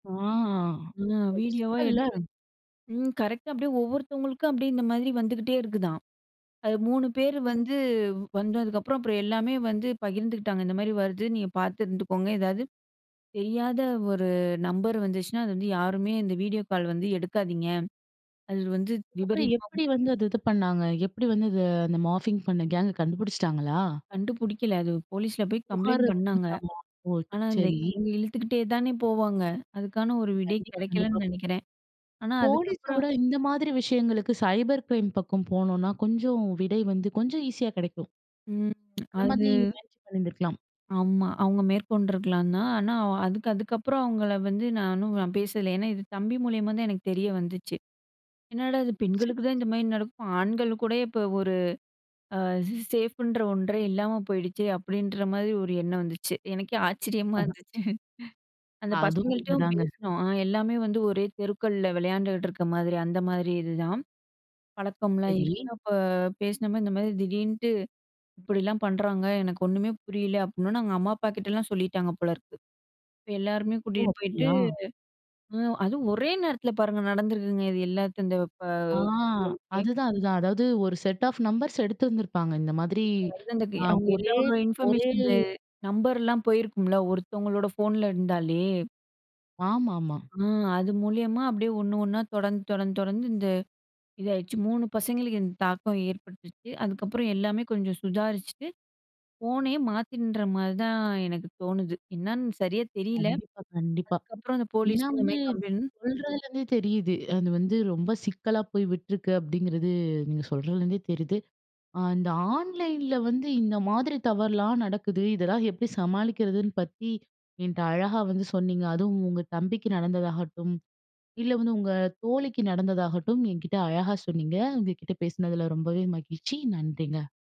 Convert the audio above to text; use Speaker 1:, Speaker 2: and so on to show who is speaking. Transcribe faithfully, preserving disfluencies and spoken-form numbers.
Speaker 1: ஆ
Speaker 2: ஆ
Speaker 1: ஒரு
Speaker 2: வீடியோவா
Speaker 1: சிக்கல்ல.
Speaker 2: எடுத்து, ம் கரெக்ட்டா அப்டியே ஒவ்வொருத்தவங்களுக்கா, அப்டியே இந்த மாரி வந்துகிட்டே இருக்குதாம். அது மூணு பேர் வந்து வந்ததுக்கப்புறம், அப்புறம், எல்லாமே வந்து பகிர்ந்துகிட்டாங்க. இந்த மாரி வருது. நீங்க பார்த்து இருந்துக்கோங்க. ஏதாவது தெரியாத ஒரு நம்பர் வந்துச்சுனா, அது வந்து யாருமே இந்த வீடியோ கால் வந்து எடுக்காதீங்க. அது வந்து
Speaker 1: அதுக்கப்புறம்,
Speaker 2: விபரீதமா
Speaker 1: எப்டி வந்து அது இது பண்ணாங்க? எப்டி வந்து இது அந்த மார்ஃபிங் பண்ண கேங்க்க கண்டுபுடிச்சிட்டாங்களா?
Speaker 2: கண்டுபுடிக்கல. அது போலீஸ்ல போய் கம்ப்ளைண்ட்
Speaker 1: புகாரு
Speaker 2: பண்ணாங்க.
Speaker 1: குடுத்தாங்களா? ஓ,
Speaker 2: ஆனா, இந்த
Speaker 1: சரி.
Speaker 2: இவுங்க இழுத்துக்கிட்டே தானே போவாங்க. அதுக்கான ஒரு விடை
Speaker 1: கண்டிப்பா, கண்டிப்பா.
Speaker 2: கெடைக்கலைன்னு நெனைக்கிறேன். ஆனா
Speaker 1: போலீஸ
Speaker 2: அதுக்கப்புறம்
Speaker 1: விட இந்த மாதிரி விஷயங்களுக்கு சைபர் கிரைம் பக்கம் போனோம்னா, கொஞ்சம் விடை வந்து கொஞ்சம் ஈசியா கெடைக்கும்.
Speaker 2: ம்.
Speaker 1: அந்த மாதிரி
Speaker 2: அது
Speaker 1: முயற்சி பண்ணிருந்திருக்கலாம்.
Speaker 2: ஆமா. அவங்க மேற்கொண்ட்ருக்கலாம் தான். ஆனா, அ அதுக்கு அதுக்கப்புறம் அவங்கள வந்து நானும் பேசல. ஏன்னா, இது தம்பி மூலியமா தான் எனக்கு தெரிய வந்துச்சு. "என்னாடா இது!
Speaker 1: சரி.
Speaker 2: பெண்களுக்கு தான் இந்த மாரி நடக்கும். ஆண்கள் கூட இப்போ ஒரு ஃச் சேஃப்புன்ற ஒன்றே இல்லாம போயிடுச்சே!"அப்டின்ற மாரி ஒரு எண்ணம் வந்துச்சு. எனக்கே ஆச்சரியமா
Speaker 1: அஹ.
Speaker 2: இருந்துச்சு. அந்த
Speaker 1: அதுவும்
Speaker 2: பசங்கள்ட்டயும்
Speaker 1: உண்மைதாங்க.
Speaker 2: பேசினோம். ஆ எல்லாமே வந்து ஒரே தெருக்கள்ல வெளையாண்டுட்டு இருக்க மாரி, அந்த மாரி இதுதான். பழக்கம்லாம்
Speaker 1: சரி.
Speaker 2: இருக்கு. அப்ப பேசின மாரி, "இந்த மாரி திடீர்ன்ட்டு இப்படிலாம் பண்ணுறாங்க. எனக்கு ஒண்ணுமே புரியல." அப்டீன்னொன்னே அவங்க அம்மா, அப்பாகிட்டலாம் சொல்லிட்டாங்க போலருக்கு. இப்போ எல்லாருமே
Speaker 1: ஓ!
Speaker 2: கூட்டிட்டு போயிட்டு,
Speaker 1: அப்டியா?
Speaker 2: அ அதுவும் ஒரே நேரத்துல பாருங்க. நடந்திருக்குங்க. இது எல்லாத்து இந்த ப
Speaker 1: ஆ
Speaker 2: தெருவுக்கே!
Speaker 1: அதுதான். அதுதான். அதாவது ஒரு செட் ஆஃப் நம்பர்ஸ் எடுத்திருந்துருப்பாங்க. இந்த மாதிரி
Speaker 2: [unintelligible] அது
Speaker 1: ஆ
Speaker 2: அவங்க
Speaker 1: ஒரே
Speaker 2: எல்லாரோட
Speaker 1: ஒரே
Speaker 2: இன்ஃபர்மேஷன்ஸ்ல, நம்பர்லாம் போயிருக்கும்ல, ஒருத்தவங்களோட ஃபோன்ல இருந்தாலே?
Speaker 1: ஆமாமா.
Speaker 2: ஆ அது மூலியமா அப்டியே ஒண்ணு ஒண்ணா, தொடர்ந்து, தொடர்ந்து, தொடர்ந்து இந்த இதாயிடுச்சு. மூணு பசங்களுக்கு இந்த தாக்கம் ஏற்பட்டுச்சு. அதுக்கப்புறம், எல்லாமே கொஞ்சம் சுதாரிச்சுட்டு, ஃபோனே மாத்தின்ற மாரி தான், எனக்கு தோணுது. என்னான்னு சரியா தெரியல.
Speaker 1: கண்டிப்பா. கண்டிப்பா.
Speaker 2: அதுக்கப்புறம் அந்த
Speaker 1: ஏன்னா
Speaker 2: போலீஸு இந்த
Speaker 1: வந்து
Speaker 2: மாரி கம்ப்ளைண்ட்
Speaker 1: சொல்றதுலருந்தே தெரியுது. அது வந்து ரொம்ப சிக்கலா போய் விட்ருக்கு. அப்டிங்கிறது, நீங்க சொல்றதிலருந்தே தெரியுது. இந்த ஆன்லைன்ல வந்து இந்த மாதிரி தவறுலாம் நடக்குது. இதெல்லாம் எப்பிடி சமாளிக்கிறதுன்னு பத்தி என்ட்ட அழகா வந்து சொன்னீங்க. அதுவும் உங்க தம்பிக்கு நடந்ததாகட்டும், இல்ல வந்து, உங்க தோழிக்கு நடந்ததாகட்டும், என்கிட்ட அழகா சொன்னீங்க. உங்க கிட்ட பேசுனதில ரொம்பவே மகிழ்ச்சி. நன்றிங்க.